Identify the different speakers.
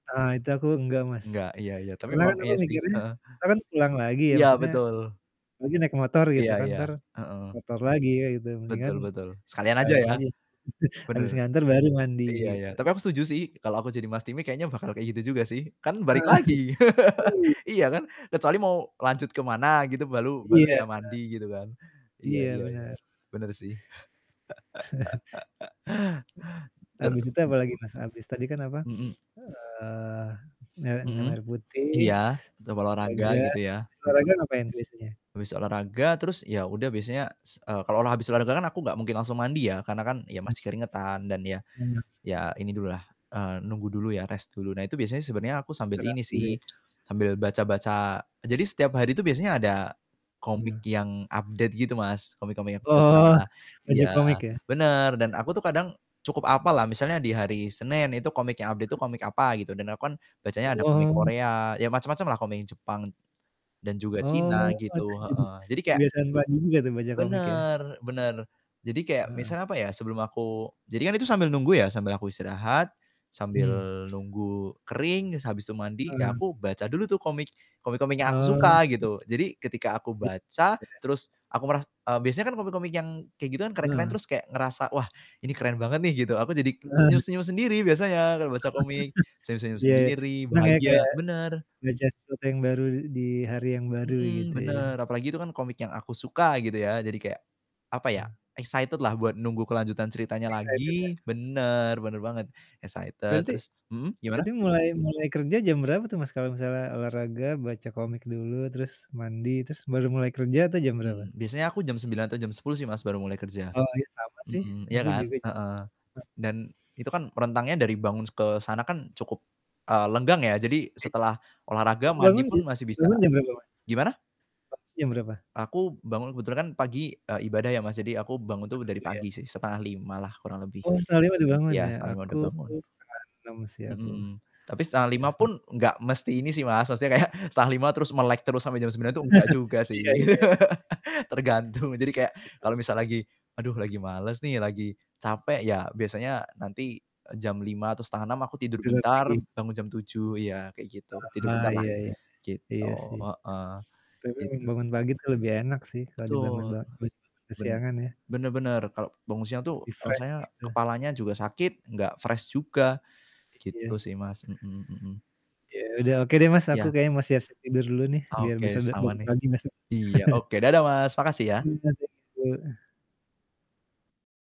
Speaker 1: Heeh, itu aku nggak, Mas.
Speaker 2: Nggak, iya iya, tapi
Speaker 1: Karena kan
Speaker 2: memang
Speaker 1: aku
Speaker 2: iya sih,
Speaker 1: mikirnya,
Speaker 2: heeh.
Speaker 1: entar kan pulang lagi ya,
Speaker 2: Iya,
Speaker 1: maksudnya,
Speaker 2: betul.
Speaker 1: apalagi naik motor gitu
Speaker 2: Iya
Speaker 1: kan,
Speaker 2: iya,
Speaker 1: entar,
Speaker 2: heeh.
Speaker 1: motor lagi ya, gitu, mendingan
Speaker 2: Betul betul, sekalian aja
Speaker 1: sekalian
Speaker 2: ya?
Speaker 1: aja, habis
Speaker 2: Bener,
Speaker 1: nganter baru mandi,
Speaker 2: iya iya.
Speaker 1: gitu.
Speaker 2: Tapi aku setuju sih, kalau aku jadi, Mas Timi, kayaknya bakal kayak gitu juga sih, kan balik
Speaker 1: Heeh,
Speaker 2: lagi.
Speaker 1: i
Speaker 2: Iya kan? Kecuali mau lanjut ke mana gitu, balu baru
Speaker 1: Iya.
Speaker 2: ya mandi, gitu kan? Iya
Speaker 1: Iya,
Speaker 2: iya iya,
Speaker 1: benar.
Speaker 2: bener sih. Ter
Speaker 1: Habis itu apalagi, Mas, habis tadi kan, apa,
Speaker 2: Mhm.
Speaker 1: eee, mer minum
Speaker 2: Mhm,
Speaker 1: air
Speaker 2: iya.
Speaker 1: putih,
Speaker 2: Tetap olahraga,
Speaker 1: olahraga,
Speaker 2: gitu ya?
Speaker 1: abis
Speaker 2: Mhm.
Speaker 1: olahraga ngapain biasanya?
Speaker 2: Habis olahraga, terus, ya udah biasanya, s eee, kalau olah habis olahraga kan aku nggak mungkin langsung mandi ya, karena kan, ya
Speaker 1: Hmm.
Speaker 2: masih keringetan dan ya
Speaker 1: Hmm.
Speaker 2: ya ini dulu lah, eee, nunggu dulu ya rest dulu. Nah, itu biasanya sebenarnya aku sambil
Speaker 1: Istirahat
Speaker 2: ini
Speaker 1: dulu,
Speaker 2: sih,
Speaker 1: ya?
Speaker 2: sambil baca-baca jadi setiap hari itu biasanya ada komik
Speaker 1: Nah.
Speaker 2: yang update gitu, Mas, komik-komik yang aku baca,
Speaker 1: Oh, baca
Speaker 2: iya,
Speaker 1: komik ya?
Speaker 2: bener ,dan aku tuh kadang cukup hapal lah, misalnya di hari Senin itu komik yang update itu
Speaker 1: [unintelligible]
Speaker 2: komik apa, gitu dan aku kan bacanya ada komik
Speaker 1: Wow.
Speaker 2: Korea, ya macem-macem lah komik yang Jepang, dan juga China
Speaker 1: Oh,
Speaker 2: gitu,
Speaker 1: [unintelligible]
Speaker 2: heeh. Jadi kayak
Speaker 1: kebiasaan baru juga tuh baca komik ya?
Speaker 2: bener bener, jadi kayak
Speaker 1: Heeh.
Speaker 2: misalnya, apa ya, sebelum aku jadi kan itu sambil nunggu ya, sambil aku istirahat, sambil
Speaker 1: Hmm.
Speaker 2: nunggu kering, se habis itu mandi, ya
Speaker 1: Heeh.
Speaker 2: aku baca dulu tuh komik komik-komik yang aku
Speaker 1: Oh.
Speaker 2: suka, gitu. Jadi, ketika aku
Speaker 1: Iya.
Speaker 2: baca, terus aku meras eee, biasanya kan komik-komik yang kayak gitu kan, keren-keren
Speaker 1: Benar.
Speaker 2: terus kayak ngerasa, "Wah, ini keren banget nih," gitu, aku jadi
Speaker 1: Nah.
Speaker 2: senyum-senyum sendiri biasanya kalau baca komik, senyum-senyum
Speaker 1: Iya iya,
Speaker 2: sendiri
Speaker 1: senang ya kayak
Speaker 2: bahagia bener.
Speaker 1: ngerjain sesuatu yang baru di hari yang baru, gitu
Speaker 2: Mhm,
Speaker 1: ya?
Speaker 2: bener, apalagi itu kan komik yang aku suka, gitu ya. Jadi kayak, apa ya,
Speaker 1: Ah.
Speaker 2: excited lah buat nunggu kelanjutan ceritanya
Speaker 1: Bisa itu.
Speaker 2: lagi
Speaker 1: [unintelligible]
Speaker 2: bener, bener banget, excited.
Speaker 1: Berarti
Speaker 2: Terus mhm, gimana?
Speaker 1: berarti mulai mulai kerja jam berapa tuh, Mas, kalau misalnya olahraga, baca komik dulu, terus mandi, terus baru mulai kerja tuh jam berapa?
Speaker 2: Hmm, biasanya aku jam 9:00 atau jam 10:00 sih, Mas, baru mulai kerja.
Speaker 1: Oh, iya sama sih,
Speaker 2: Mhm, ya
Speaker 1: aku juga
Speaker 2: kan?
Speaker 1: jam
Speaker 2: Heeh.
Speaker 1: segituan.
Speaker 2: Dan, itu kan rentangnya dari bangun s ke sana kan, cukup, eee, lenggang ya. Jadi,
Speaker 1: Iya.
Speaker 2: setelah olahraga, mandi
Speaker 1: Bangun
Speaker 2: pun
Speaker 1: jam
Speaker 2: masih bisa
Speaker 1: bangun jam berapa, Mas?
Speaker 2: gimana?
Speaker 1: Pagi jam berapa?
Speaker 2: Aku bangun kebetulan kan pagi, eee, ibadah ya, Mas, jadi aku bangun
Speaker 1: Pas
Speaker 2: tuh dari
Speaker 1: subuh ya?
Speaker 2: pagi sih 4:30 lah kurang lebih,
Speaker 1: Oh, 04:30 udah bangun
Speaker 2: iya,
Speaker 1: ya?
Speaker 2: 4:30
Speaker 1: Aku
Speaker 2: udah bangun.
Speaker 1: 05:30 sih
Speaker 2: Mhm
Speaker 1: aku.
Speaker 2: mhm. Tapi, setengah
Speaker 1: Jam
Speaker 2: lima
Speaker 1: seteng
Speaker 2: pun, enggak mesti ini sih, Mas, maksudnya kayak 4:30 terus, melek terus, sampai jam 9:00 tuh, nggak juga sih.
Speaker 1: Iya iya, ya.
Speaker 2: Tergantung, jadi kayak kalau misal lagi, "Aduh, lagi males nih, lagi capek," ya, biasanya nanti, eee, jam 5:00 atau 5:30 aku tidur
Speaker 1: [unintelligible]
Speaker 2: bentar,
Speaker 1: Lagi?
Speaker 2: bangun jam 7:00, iya, kayak gitu, tidur
Speaker 1: Ah,
Speaker 2: bentar lah,
Speaker 1: iya iya. Iya
Speaker 2: gitu,
Speaker 1: sih.
Speaker 2: heeh,
Speaker 1: Tapi memang
Speaker 2: gitu.
Speaker 1: bangun pagi tuh lebih enak sih, kalau dibangun
Speaker 2: Betul.
Speaker 1: ba bet
Speaker 2: Ben
Speaker 1: kesiangan ya?
Speaker 2: bener bener, kalau bangun siang tuh
Speaker 1: Lebih fresh,
Speaker 2: rasanya
Speaker 1: gitu.
Speaker 2: kepalanya juga sakit, enggak fresh juga, gitu
Speaker 1: Iya.
Speaker 2: sih, Mas, mhm mhm.
Speaker 1: Ya udah, oke deh, Mas, aku
Speaker 2: Ya.
Speaker 1: kayaknya mau siap-siap tidur dulu nih, biar bisa
Speaker 2: Oke,
Speaker 1: ba
Speaker 2: sama
Speaker 1: bangun
Speaker 2: nih.
Speaker 1: pagi besok.
Speaker 2: Iya, oke, dadah Mas, makasih ya.
Speaker 1: [unintelligible]